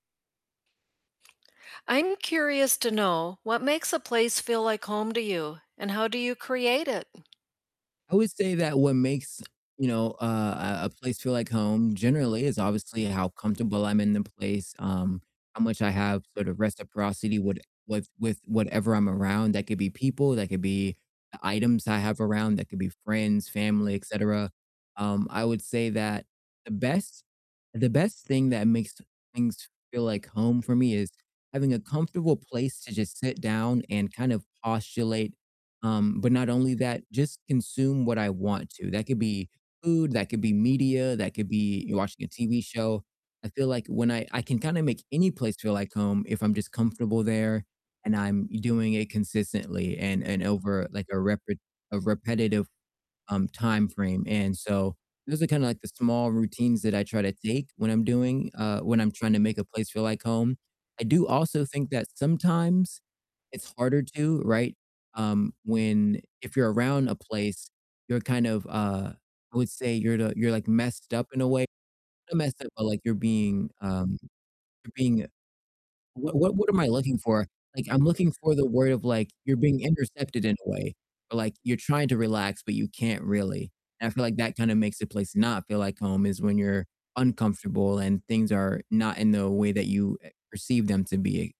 I'm curious to know what makes a place feel like home to you and how do you create it? I would say that what makes, you know, uh, a a place feel like home generally is obviously how comfortable I'm in the place, um, how much I have sort of reciprocity would with with whatever I'm around; that could be people, that could be, uh, items I have around, that could be friends, family, et cetera, um, I would say that the best the best thing that makes things feel like home for me is having a comfortable place to just sit down and kind of postulate, um, but not only that, just consume what I want to, that could be food, that could be media, that could be watching a TV show. I feel like when I I can kinda make any place feel like home if I'm just comfortable there and I'm doing it consistently and and over, like, a repre a repetitive, um, timeframe, and so those are kinda, like, the small routines that I try to take when I'm doing uh, when I'm trying to make a place feel like home. I do also think that sometimes it's harder to, right? Um, when if you're around a place, you're kind of, uh, I would say you're the you're, like, messed up in a way not messed up, but, like, you're being, um, you're being what what what am I looking for? Like, I'm looking for the word of, like, you're being intercepted in a way or, like, you're trying to relax, but you can't really, and I feel like that kinda makes the place not feel like home is when you're uncomfortable and things are not in the way that you, eh, perceive them to be.